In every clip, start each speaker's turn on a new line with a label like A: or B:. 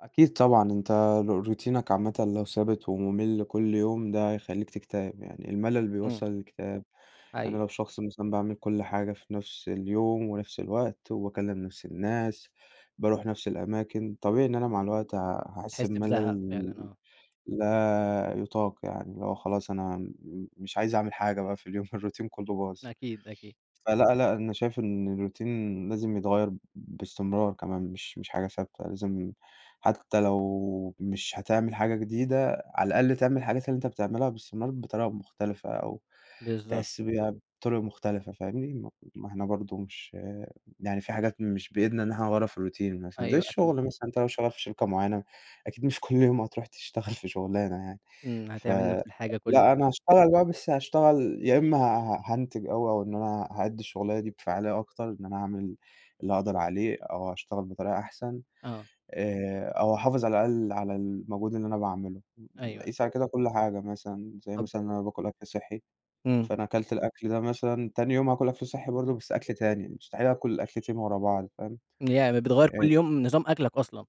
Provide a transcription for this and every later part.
A: أكيد طبعًا أنتَ ر روتينك عامةً لو ثابت ومُمل كل يوم، ده هيخليك تكتئب يعني الملل
B: امم.
A: بيوصّل للإكتئاب. أنا
B: أيوة.
A: لو شخص مثلًا باعمل كل حاجة في نفس اليوم ونفس الوقت وباكلم نفس الناس، باروح نفس الأماكن، طبيعي إن أنا مع الوقت ه هاحس
B: بتحس بزهق
A: بملل
B: فعلًا، آه.
A: لا يطاق يعني، اللي هو خلاص أنا م مش عايز أعمل حاجة بقى في اليوم الروتين كله باظ.
B: أكيد، أكيد.
A: فلأ، لأ، أنا شايف إن الروتين لازم يتغيّر باستمرار كمان، مش مش حاجة ثابتة لازم حتى لو مش هتعمل حاجة جديدة، على الأقل تعمل الحاجات اللي أنتَ بتعملها باستمرار بطريقة مختلفة
B: امم،
A: أو
B: بالضبط.
A: تحس بيها بطرق مختلفة، فاهمني؟ ما ما إحنا برضه مش يعني في حاجات مش بإيدنا إن إحنا نغيّرها في الروتين مثلًا، زي
B: أيوه
A: الشغل
B: أكيد.
A: مثلًا أنتَ لو شغّال في شركة، معيّنة أكيد مش كل يوم هتروح تشتغل في شغلانة يعني.
B: امم، هتعمل
A: فلأ،
B: نفس الحاجة كل يوم
A: أنا
B: فعلًا.
A: هاشتغل بقى بس هاشتغل يا إمّا ه ه هانتج أو أو إن أنا هأدي الشغلانة دي بفاعلية أكتر، إن أنا أعمل اللي أقدر عليه أو هاشتغل بطريقة أحسن
B: آه.
A: آآ، أو أحافظ على الأقل على المجهود اللي أنا باعمله.
B: أيوه، أيوه.
A: قيس على كده كل حاجة مثلًا، زي
B: طَب
A: مثلًا إن أنا باكل أكل صحي،
B: امم.
A: فأنا كلت الأكل ده مثلًا، تاني يوم هاكل أكل صحي برضه بس أكل تاني، مستحيل آكل الأكلتين في ورا بعض فاهم؟
B: يعني ب بتغيّر كل يوم نظام
A: [unintelligible]
B: أكلك أصلًا.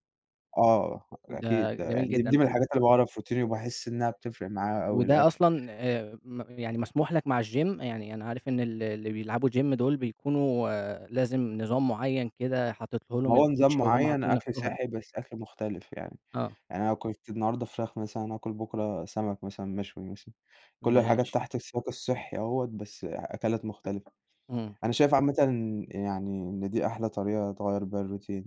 A: آه، أكيد،
B: ده
A: ده
B: جميل
A: يعني د دي
B: جدًا.
A: من
B: و
A: الحاجات اللي باعملها في روتيني وباحس إنها بتفرق معايا أوي،
B: وده
A: الأكل.
B: أصلًا، آآ، م يعني مسموح لَك مع الGym؟ يعني أنا عارف إن ال اللي بيلعبوا Gym دول بيكونوا لازم نظام معيّن كده حاططه
A: ما
B: لهم
A: هو نظام
B: الCoach أو هم
A: معين
B: حاطينه
A: أكل
B: لنفسهم.
A: صحي، بس أكل مختلف يعني.
B: آه.
A: يعني أنا أكلت النهارده فراخ مثلًا، آكل بُكرة سمك مثًلا مشوي مثلًا، كل الحاجات
B: ماشي.
A: تحت سياق الصحي أهوَّة بس أكلات مختلفة
B: امم.
A: أنا شايف عامةً إن يعني إن دي أحلى طريقة تغيّر بيها الروتين.